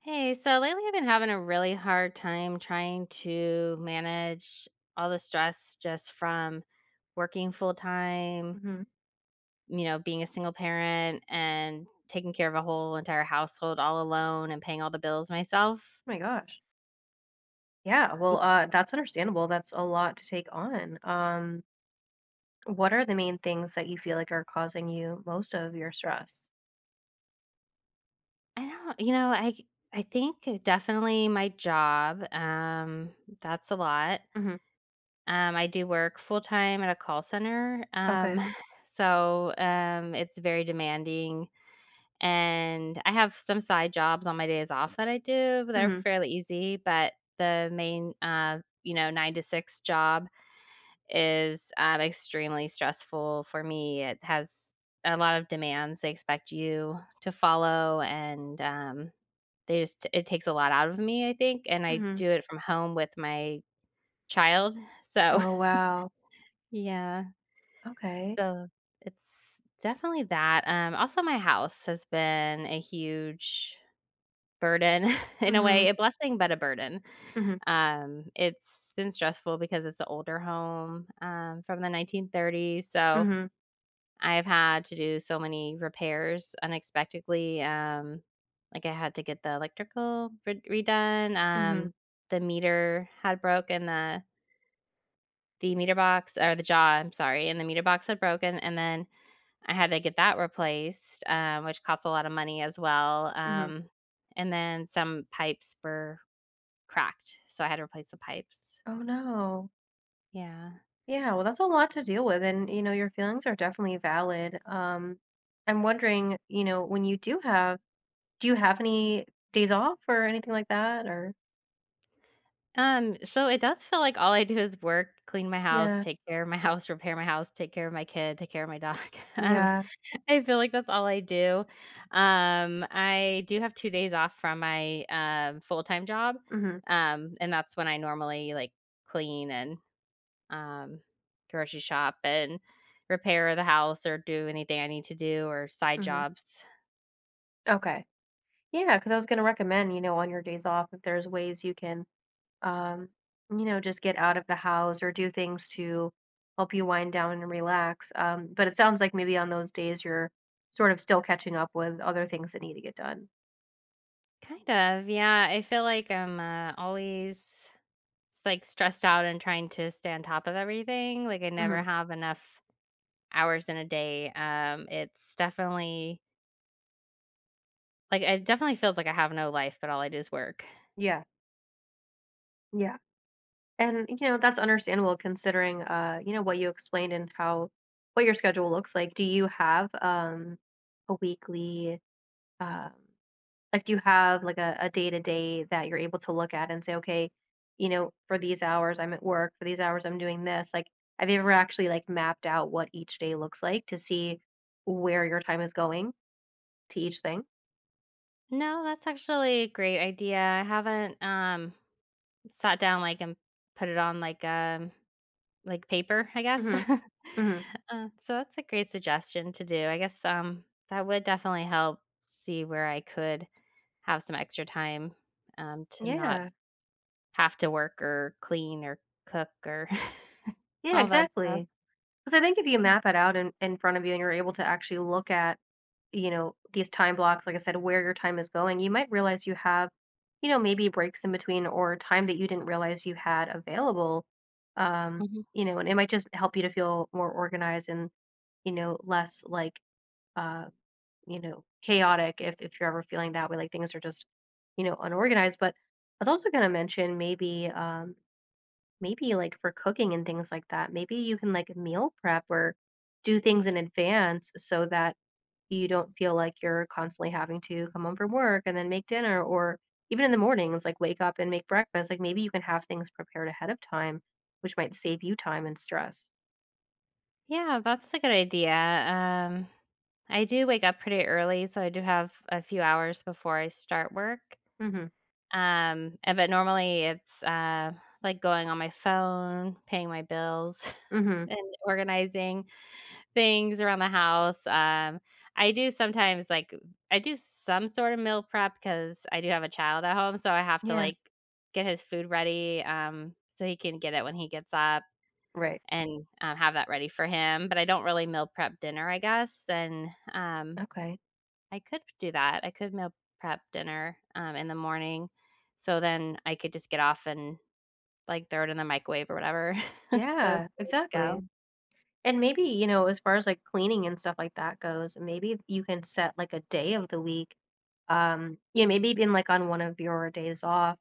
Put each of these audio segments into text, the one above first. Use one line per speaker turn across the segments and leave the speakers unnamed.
Hey, so lately, I've been having a really hard time trying to manage all the stress just from working full time
Mhm.
you know, being a single parent, and taking care of a whole entire household all alone and paying all the bills myself.
My gosh. Yeah,
Y
well, uh, that's understandable, that's a lot to take on, um what are the main things that you feel like are causing you most of your stress?
I don't you know, I c I think definitely my job, um, that's a lot.
Mhm.
Um, I do work full time at a call center, um,
Okay.
so, um, it's very demanding. And I have some side jobs on my days off that I do, but they're
Mhm.
fairly easy. But the main, um, you know, 9:00 to 6:00 job is, um, extremely stressful for me, it has a lot of demands they expect you to follow, and, um, they just it takes a lot out of me, I think, and I
Mhm.
do it from home with my child, so,
Oh, wow.
yeah.
Okay.
So, it's definitely that, um, also my house has been a huge burden in a way,
Mhm.
a blessing, but a burden.
Mhm.
Um, it's been stressful because it's a older home, um, from the 1930s, so
Mhm.
I've had to do so many repairs unexpectedly, um, like, I had to get the electrical red redone,
Mhm.
um, the meter had broke and the the meter box or the jaw, I'm sorry, and the meter box had broken, and then I had to get that replaced, um, which costs a lot of money as well.
Mhm.
Um, and then some pipes bur cracked, so I had to replace the pipes.
Oh no.
Yeah.
Yeah, well, that's a lot to deal with, and, you know, your feelings are definitely valid. Um, I'm wondering, you know, when you do have do you have any days off or anything like that? Or
Um, so it does feel like all I do is work, clean my house,
Yeah.
take care of my house, repair my house, take care of my kid, take care of my dog. Um,
Yeah.
I feel like that's all I do. Um, I do have 2 days off from my, uh, full-time job,
Mhm.
um, and that's when I normally, like, clean and, um, grocery shop and repair the house or do anything I need to do or side
Mhm.
jobs.
Okay. Yeah, 'cause I was gonna recommend, you know, on your days off, if there's ways you can, um, you know, just get out of the house or do things to help you wind down and relax. Um, but it sounds like maybe on those days, you're sort of still catching up with other things that need to get done.
Kind of, yeah. I feel like I'm, uh, always, s like, stressed out and trying to stay on top of everything. Like, I never
Mhm.
have enough hours in a day. Um, it's definitely like, it definitely feels like I have no life, but all I do is work.
Yeah. Yeah. And, you know, that's understandable considering, uh, you know, what you explained and how what your schedule looks like. Do you have, um, a weekly, um, like, do you have, like, a a day-to-day that you're able to look at and say, "Okay, you know, for these hours, I'm at work. For these hours, I'm doing this," like, have you ever actually, like, mapped out what each day looks like to see where your time is going to each thing?
No, that's actually a great idea, I haven't, um, sat down, like, and put it on, like, um, like, paper, I guess.
Mhm, mhm.
Uh, so that's a great suggestion to do, I guess, um, that would definitely help see where I could have some extra time, um, to not
Yeah.
have to work or clean or cook or
Yeah,
all that stuff.
exactly. 'Cause I think if you
[unintelligible]
map it out in in front of you and you're able to actually look at, you know, these time blocks, like I said, where your time is going, you might realize you have, you know, maybe breaks in between or time that you didn't realize you had available. Um,
Mhm.
you know, and it might just help you to feel more organized and, you know, less, like, uh, you know, chaotic if if you're ever feeling that way, like things are just, you know, unorganized, but I was also gonna mention maybe, um, maybe, like, for cooking and things like that, maybe you can, like, meal prep or do things in advance so that you don't feel like you're constantly having to come home from work and then make dinner, or even in the mornings, like, wake up and make breakfast, like, maybe you can have things prepared ahead of time, which might save you time and stress.
Yeah, that's a good idea. Um, I do wake up pretty early, so I do have a few hours before I start work.
Mhm.
Um, and but, normally, it's, uh, like going on my phone, paying my bills,
Mhm.
and organizing things around the house. Um, I do sometimes like uh, I do some sort of meal prep 'cause I do have a child at home, so I have to,
Yeah.
like, get his food ready, um, so he can get it when he gets up
Right.
and, uh, have that ready for him, but I don't really meal prep dinner, I guess, and, um,
Okay.
I could do that. I could meal prep dinner, um, in the morning, so then, I could just get off and, like, throw it in the microwave or whatever, so it's
Yeah,
good to
exactly.
go.
And maybe, you know, as far as, like, cleaning and stuff like that goes, maybe you can set, like, a day of the week. Um, yeah, maybe even, like, on one of your days off,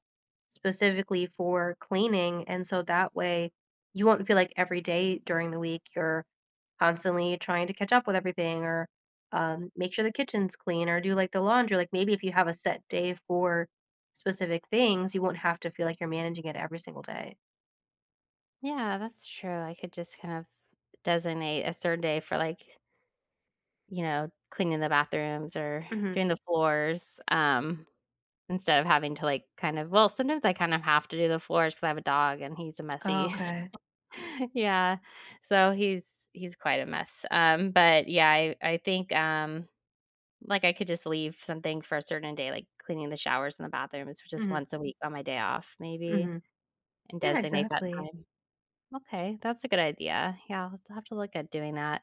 specifically for cleaning. And so, that way, you won't feel like every day during the week, you're constantly trying to catch up with everything or, um, make sure the kitchen's clean or do, like, the laundry. Like, maybe if you have a set day for specific things, you won't have to feel like you're managing it every single day.
Yeah, that's true, I could just kind of designate a 3rd day for, like you know, cleaning the bathrooms or
Mhm.
doing the floors, um, instead of having to, like, kind of well, sometimes I kind of have to do the floors 'cause I have a dog, and he's a messy, so
Okay.
yeah, so he's he's quite a mess. Um, but, yeah, I I think, um, like, I could just leave some things for a certain day, like cleaning the showers and the bathrooms, which is
Mhm.
once a week on my day off maybe,
Mhm.
and
Yeah,
designate that
exactly.
time. Okay, that's a good idea. Yeah, I'll t have to have to look at doing that.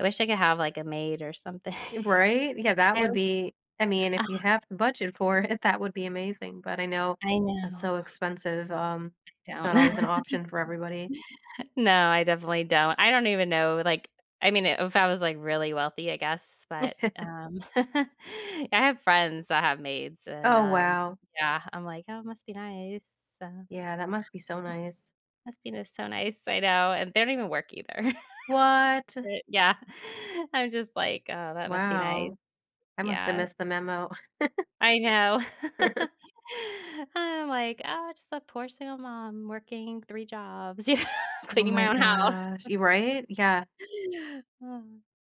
I wish I could have, like, a maid or something.
Right? Yeah, that
I
would
was
be I mean
Oh.
if you have the budget for it, that would be amazing, but I know
I
that's
know.
so expensive, um,
I
it's
don't.
not always an option for everybody.
No, I definitely don't. I don't even know like, I mean, eh, if I was, like, really wealthy, I guess, but, um yeah, I have friends that have maids, and,
Oh,
um
wow.
yeah, I'm like, "Oh, must be nice, so,
Yeah, that must be so nice.
must be just so nice," I know, and they don't even work either.
What?
But yeah, I'm just like, "Oh, that must be nice."
Wow. I must have
Yeah.
missed the memo.
I know. I'm like, "Oh my, just a poor single mom working 3 jobs" yeah,
Oh
"...cleaning
my
my own house."
gosh y right? Yeah.
Oh,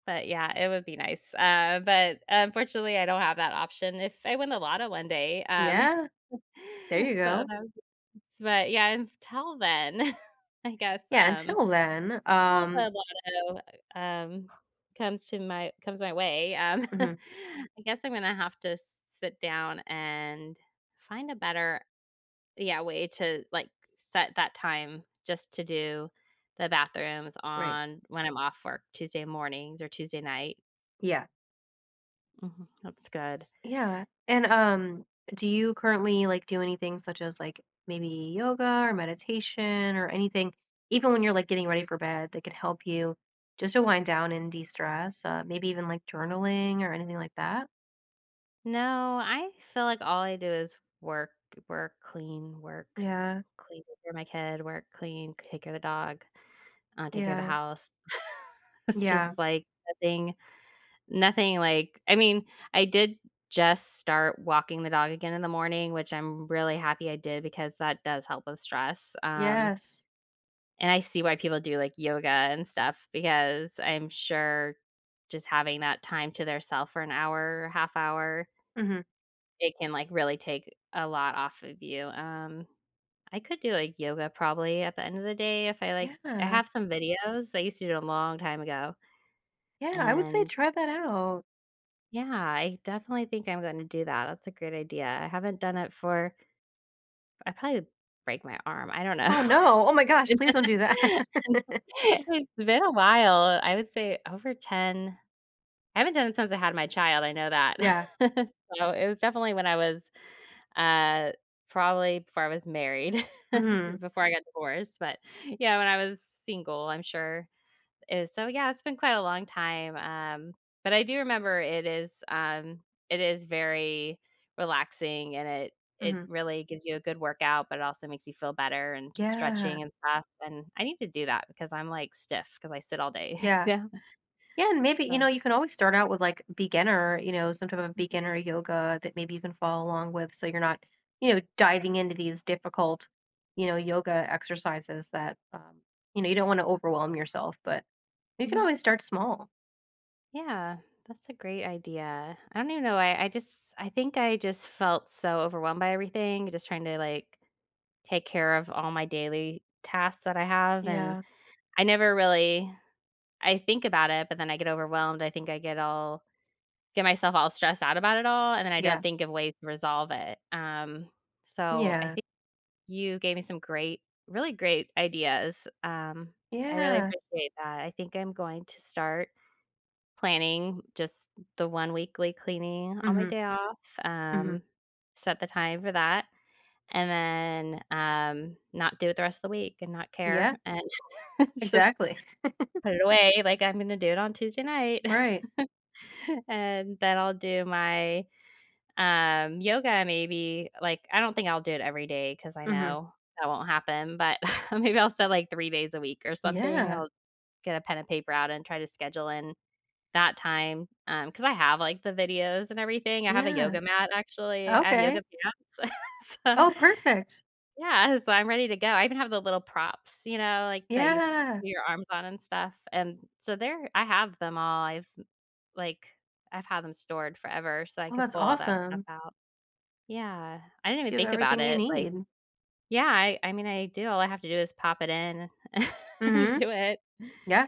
but, yeah, it would be nice. Uh, but, unfortunately, I don't have that option if I win the lotto one day, um
Yeah. There you
so, that
go.
was [unintelligible] but yeah, until then, I guess,
Yeah,
um,
until then,
til
um
the lotto, e um, comes to my comes my way, um,
Mhm.
I guess I'm gonna have to s sit down and find a better yeah, way to, like, set that time just to do the bathrooms
Right.
on when I'm off work Tuesday mornings or Tuesday night.
Yeah.
Mhm. That's good.
Yeah. And, um, do you currently, like, do anything such as, like, maybe yoga or meditation or anything even when you're, like, getting ready for bed that could help you just to wind down and destress? Uh, maybe even, like, journaling or anything like that.
No. I feel like all I do is work, work, clean, work,
Yeah.
clean for my kid, work, clean, take care of the dog, uh, take care of the
Yeah.
house. It's
Yeah.
just, like, nothing nothing like I mean, I did just start walking the dog again in the morning, which I'm r really happy I did because that does help with stress, um.
Yes.
And I see why people do, like, yoga and stuff because I'm sure just having that time to their self for an hour, half hour
Mhm.
it can, like, really take a lot off of you. Um, I could do, like, yoga probably at the end of the day if I like I
Yeah.
have some videos. I used to do it a long time ago.
Yeah, I would say
And
try that out.
Yeah, I definitely think I'm gonna do that, that's a great idea, I haven't done it for I probably break my arm, I don't know.
Oh, no. Oh my gosh please don't do that.
It's been a while. I would say over 10 I haven't done it since I had my child I know that.
Yeah.
So, it was definitely when I was uh, probably before I was married,
Mhm.
before I got divorced, but, yeah, when I was single, I'm sure. Is so yeah, it's been quite a long time, um, but I do remember it is, um, it is very relaxing, and it it
Mhm.
really gives you a good workout, but it also makes you feel better and
Yeah.
stretching and stuff, and I need to do that because I'm, like, stiff 'cause I sit all day.
Yeah.
Yeah.
Yeah. And maybe, you know,
So
you can always start out with, like, beginner, you know, some type of
Mhm.
beginner yoga that maybe you can follow along with so you're not, you know, diving into these difficult, you know, yoga exercises that, um you know, you don't wanna overwhelm yourself, but you can
Mhm.
always start small.
Yeah. That's a great idea. I don't even know. I I just I think I just felt so overwhelmed by everything. Just trying to, like, take care of all my daily tasks that I have. And
Yeah.
I never really I think about it, but then I get overwhelmed. I think I get all get myself all stressed out about it all, and then I don't
Yeah.
think of ways to resolve it. Um,
Mm,
so I
yeah.
think you gave me some great really great ideas. Um, I really
Yeah.
appreciate that. I think I'm going to start planning just the one weekly cleaning on my
Mhm.
day off,
Mhm.
um, set the time for that, and then, um, not do it the rest of the week and not care
Yeah.
and just
Exactly.
put it away. Like, I'm gonna do it on Tuesday night.
Right.
And then I'll do my, um, yoga maybe. Like, I don't think I'll do it every day 'cause I
Mhm.
know that won't happen. But maybe I'll set, like, 3 days a week or something.
Yeah.
I'll get a pen and paper out and try to schedule in that time, um, 'cause I have, like, the videos and everything. I have a
Yeah.
yoga mat, actually. I have yoga
Okay.
pants. So
Oh, perfect.
yeah. So I'm ready to go. I even have the little props, you know, like, that you
Yeah.
put your arms on and stuff. And so there I have them all. I've, like, I've had them stored forever so I
Well,
could
that's
pull all that stuff
awesome.
out. Yeah. I didn't even
So you have
think about
everything you
it. Like
need.
yeah. I I mean, I do. All I have to do is pop it in and
Mhm.
do it.
Yeah.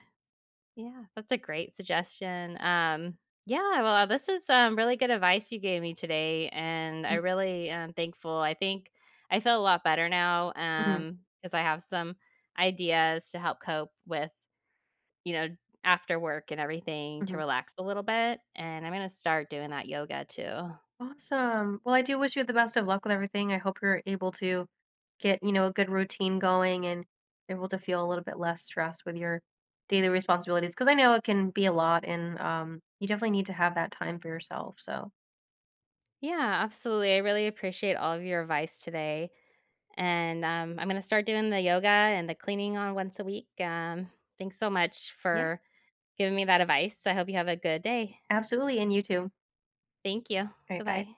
Yeah. That's a great suggestion. Um, yeah. Well, this is, um, really good advice you gave me today, and I
Mm.
really am thankful. I think I feel a lot better now,
Mhm.
um, 'cause I have some ideas to help cope with, you know, after work and everything to
Mhm.
relax a little bit. And I'm gonna start doing that yoga too.
Awesome. Well, I do wish you the best of luck with everything. I hope you're able to get, you know, a good routine going and able to feel a little bit less stress with your daily responsibilities. 'Cause I know it can be a lot, and, um, you definitely need to have that time for yourself, so
Yeah. Absolutely. I really appreciate all of your advice today, and, um, I'm gonna start doing the yoga and the cleaning on once a week, um, thanks so much
Yeah.
for giving me that advice. I hope you have a good day.
Absolutely. And you too.
Thank you.
Alright. Bye.
Goodbye.